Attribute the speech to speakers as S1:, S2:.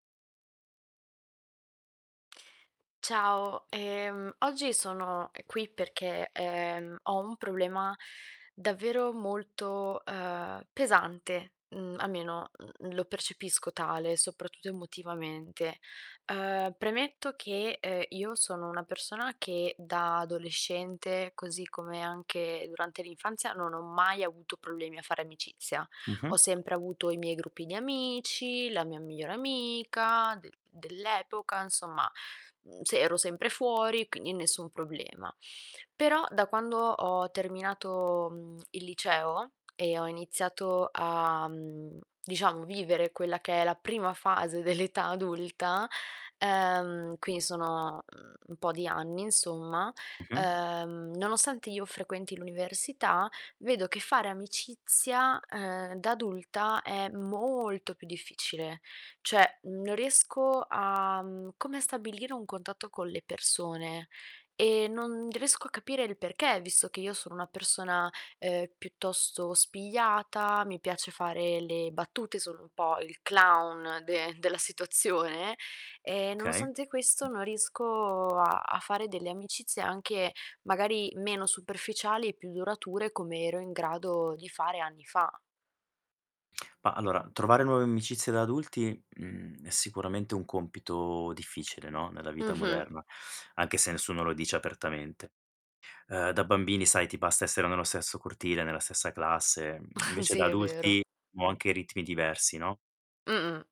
S1: Ciao, ehm, oggi sono qui perché, ehm, ho un problema davvero molto, uhm, pesante, mhmm, almeno, mhmm, lo percepisco tale, soprattutto emotivamente. Uhm, premetto che, ehm, io sono una persona che da adolescente, così come anche durante l'infanzia, non ho mai avuto problemi a fare amicizia. Ho
S2: Mh-mh.
S1: sempre avuto i miei gruppi di amici, la mia migliore amica de dell'epoca, insomma, uhm, se ero sempre fuori, quindi nessun problema. Però, da quando ho terminato, mhmm, il liceo e ho iniziato a, mhmm, diciamo, vivere quella che è la prima fase dell'età adulta, ehm, quindi sono, uhm, un po' di anni insomma,
S2: Mh-mh.
S1: ehm, nonostante io frequenti l'università, vedo che fare amicizia, ehm, da adulta è molto più difficile. Cioè, non riesco a, mhmm, come a stabilire un contatto con le persone, ehm, non riesco a capire il perché, visto che io sono una persona, uhm, piuttosto spigliata, mi piace fare le battute, sono un po' il clown de della situazione, ehm,
S2: Okay.
S1: nonostante questo non riesco a a fare delle amicizie anche magari meno superficiali e più durature come ero in grado di fare anni fa.
S2: Ma allora, trovare nuove amicizie da adulti, mhmm, è sicuramente un compito difficile, no, nella vita
S1: Mh-mh.
S2: moderna, anche se nessuno lo dice apertamente. Ehm, da bambini sai ti basta essere nello stesso cortile, nella stessa classe. Mhmm, invece
S1: Sì,
S2: da
S1: è vero.
S2: adulti o anche i ritmi diversi, no?
S1: Mh-mh.